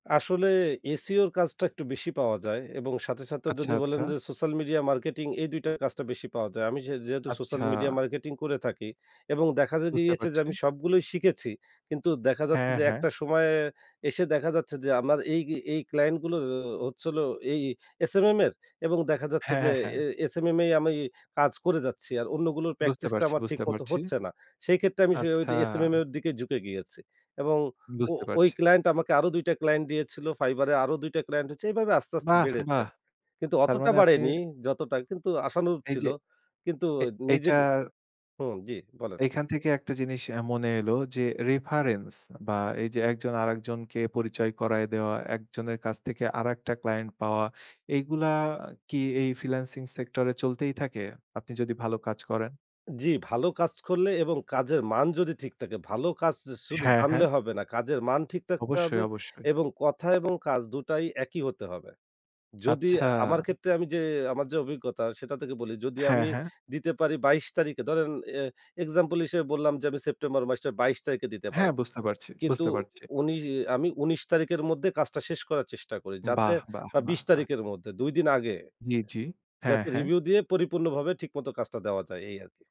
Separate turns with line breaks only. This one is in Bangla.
আসলে SEO এর কাজটা একটু বেশি পাওয়া যায় এবং সাথে, সাথে
আচ্ছা,
যদি বলেন
আচ্ছা।
যে, সোশ্যাল মিডিয়া মার্কেটিং, এই ২ টা কাজটা বেশি পাওয়া যায়। আমি সে যেহেতু সোশ্যাল
আচ্ছা।
মিডিয়া মার্কেটিং করে থাকি এবং দেখা
বুঝতে
গিয়েছে যে
পারছি।
আমি সবগুলোই শিখেছি। কিন্তু দেখা যাচ্ছে
হ্যাঁ,
যে
হ্যাঁ।
একটা সময়ে এসে দেখা যাচ্ছে যে, আমার এই এই, ক্লায়েন্ট গুলো ও হচ্ছিল এই SMM এর এবং দেখা যাচ্ছে যে
হ্যাঁ, হ্যাঁ।
এ SMMএ আমি কাজ করে যাচ্ছি। আর অন্যগুলোর
বুঝতে
প্র্যাকটিসটা
পারছি,
আমার ঠিক
বুঝতে
মতো
পারছি।
হচ্ছে না। সেই ক্ষেত্রে আমি সে ওই
আচ্ছা।
SMM এর দিকে ঝুঁকে গিয়েছি। এবং ও
বুঝতে
ওই
পারছি।
ক্লায়েন্ট আমাকে আরো ২ টা ক্লায়েন্ট দিয়েছিল Fiverrএ, আরো ২ টা ক্লায়েন্ট হচ্ছে এইভাবে আস্তে, আস্তে,
বাহ!
বেড়েছে।
বাহ!
কিন্তু
তার
অতটা
মানে আপনি
বাড়েনি যতটা কিন্তু আশানুরূপ ছিল।
এইযে,
কিন্তু
এ
নিজে
এইটা
হুম, জি, বলেন।
এইখান থেকে একটা জিনিস এ্যা মনে এলো যে রেফারেন্স বা এইযে একজন আরেকজনকে পরিচয় করায় দেয়া, একজনের কাছ থেকে আরেকটা ক্লায়েন্ট পাওয়া এগুলা কি এই ফ্রিল্যান্সিং সেক্টর এ চলতেই থাকে? আপনি যদি ভালো কাজ করেন?
জ্বি, ভালো কাজ করলে এবং কাজের মান যদি ঠিক থাকে ভালো কাজ স শুধু
হ্যাঁ, হ্যাঁ।
জানলে হবে না। কাজের মান ঠিক থাকতে হবে
অবশ্যই, অবশ্যই।
এবং কথা এবং কাজ দুটাই একই হতে হবে। যদি
আচ্ছা।
আমার ক্ষেত্রে আমি যে, আমার যে, অভিজ্ঞতা সেটা থেকে বলি, যদি
হ্যাঁ,
আমি
হ্যাঁ।
দিতে পারি ২২ তারিখে ধরেন এ এক্সাম্পল হিসেবে বললাম যে আমি সেপ্টেম্বর মাসের ২২ তারিখে দিতে
হ্যাঁ
পারবো।
বুঝতে পারছি,
কিন্তু
বুঝতে পারছি।
উনি আমি ১৯ তারিখের মধ্যে কাজটা শেষ করার চেষ্টা করি। যাতে
বাহ! বাহ!
বা
বাহ!
২০
বাহ।
তারিখের মধ্যে ২ দিন আগে
জ্বি, জ্বি। হ্যাঁ,
যাতে
হ্যাঁ।
রিভিউ দিয়ে পরিপূর্ণভাবে ঠিকমত কাজটা দেওয়া যায় এই আরকি।